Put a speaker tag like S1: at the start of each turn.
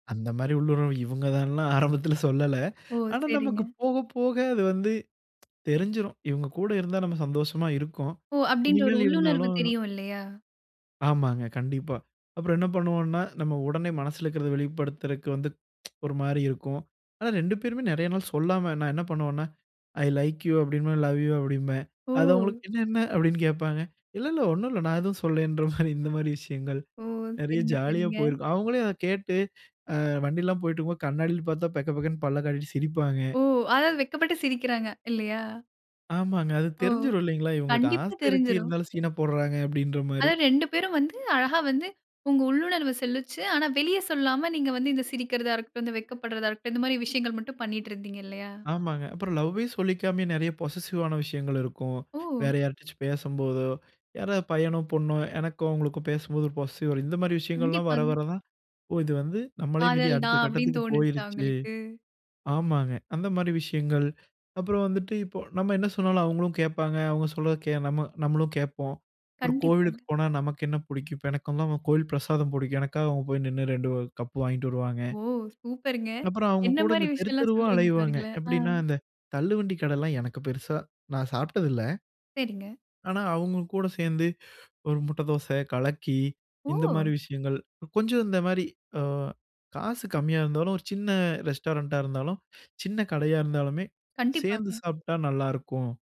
S1: அந்த மாதிரி உள்ளுண்ர்வு இவங்க தான்லாம் ஆரம்பத்தில சொல்லல.
S2: ஓ
S1: ஆனா
S2: சரிங்க.
S1: நமக்கு போக போக அது வந்து தெரிஞ்சுடும். இவங்க கூட இருந்தா நாம சந்தோஷமா இருக்கோம்.
S2: ஓ! அப்படின்ற ஒரு
S1: இனிமேல
S2: உள்ளுணர்வு
S1: இருந்தாலும்
S2: தெரியும் இல்லையா?
S1: ஆமாங்க கண்டிப்பா. அப்புறம் என்ன பண்ணுவோம்ன்னா, நம்ம உடனே மனசுல இருக்கறத வெளிப்படுத்துறதுக்கு வந்து ஒரு மாரி இருக்கும். ஆனா 2 பேருமே நிறைய நாள் சொல்லாம நான் என்ன பண்ணுவேன்னா, "ஐ லைக் யூ" அப்படிம்பேன் "ஐ லவ் யூ" அப்படிம்பேன். அது
S2: ஓ!
S1: அவங்களுக்கு "என்ன என்ன?" அப்படின்னு கேப்பாங்க. இல்ல இல்ல ஒண்ணும் இல்ல நான் எதுவும் சொல்லலங்கற மாரி, இந்த மாரி விஷயங்கள்
S2: ஓ!
S1: நிறைய
S2: சரிங்க
S1: ஜாலியா
S2: சரிங்க.
S1: போயிருக்கும். அவங்களே அத கேட்டு வண்டிலலாம் போய்ட்டு இருக்கும்போது, கண்ணாடியில பார்த்தா பெக்க பெக்கன்னு பல்ல காட்டிட்டு சிரிப்பாங்க.
S2: ஓ! அதாவது வெட்கப்பட்டுட்டு சிரிக்கிறாங்க இல்லையா?
S1: ஆமாங்க. அது
S2: ஓ
S1: தெரிஞ்சுரும் இல்லைங்களா, இவங்களுக்கு
S2: கண்டிப்பா
S1: ஆசை இருக்கு.
S2: தெரிஞ்சிரும்.
S1: இருந்தாலும் சீன போடுறாங்க அப்படின்ற மாரி.
S2: அதாவது 2 பேரும் வந்து அழகா வந்து உங்க உள்ளுணர்வு சொல்லிச்சு. ஆனா வெளிய சொல்லாம நீங்க வந்து இந்த சிரிக்கிறதா இருக்கட்டும், இந்த வெட்கப்படுறதா இருக்கட்டும். இந்த மாதிரி விஷயங்கள் மட்டும் பண்ணிட்டு இருந்தீங்க இல்லையா?
S1: ஆமாங்க. அப்புறம் லவ்வே சொல்லிக்காமயே நிறைய பொசெசிவ் ஆன விஷயங்கள் இருக்கும்.
S2: ஓ!
S1: வேற யாரிட்டயாச்சு பேசும்போதோ, யாராவது பையனோ பொண்ணோ எனக்கும் அவங்களுக்கும் பேசும்போது ஒரு பொசெசிவ் இந்த மாதிரி விஷயங்கள்லாம் வர
S2: கண்டிப்பாங்க.
S1: வர தான். இது வந்து நம்மளயும் மீறி
S2: காதல்
S1: அடுத்த
S2: தான், அப்படின்னு
S1: கட்டத்துக்கு
S2: தோணுச்சா
S1: போயிருச்சு.
S2: உங்களுக்கு?
S1: ஆமாங்க அந்த மாரி விஷயங்கள். அப்புறம் வந்துட்டு இப்போ நம்ம என்ன சொன்னாலும் அவங்களும் கேட்பாங்க. அவங்க சொல்ல நம்ம நம்மளும் கேட்போம். ஒரு கோவிலுக்கு
S2: கண்டிப்பாங்க.
S1: போனா நமக்கு என்ன பிடிக்கும்? இப்போ எனக்கு வந்து கோவில் பிரசாதம் பிடிக்கும். எனக்காக அவங்க போய் நின்னு 2 கப்பு வாங்கிட்டு வருவாங்க.
S2: ஓ! சூப்பர்ங்க.
S1: அப்புறம் அவங்க
S2: என்ன
S1: கூட
S2: மாதிரி
S1: இந்த
S2: விஷயம்லாம்
S1: தெருத்தெருவா
S2: சொல்றீங்க
S1: அலைவாங்க.
S2: பாருங்களேன். அ.
S1: எப்படின்னா, அந்த தள்ளுவண்டி கடைலாம் எனக்கு பெருசா நான் சாப்பிட்டது இல்ல.
S2: சரிங்க.
S1: ஆனா, அவங்க கூட சேர்ந்து ஒரு முட்டை தோசை, கலக்கி, இந்த மாரி
S2: ஓ!
S1: விஷயங்கள் கொஞ்சம் இந்த மாரி, அ காசு கம்மியா இருந்தாலும். ஒரு சின்ன ரெஸ்டாரண்ட்டா இருந்தாலும் சின்ன கடையா இருந்தாலுமே, சேர்ந்து
S2: கண்டிப்பாங்க.
S1: சாப்பிட்டா நல்லாயிருக்கும்.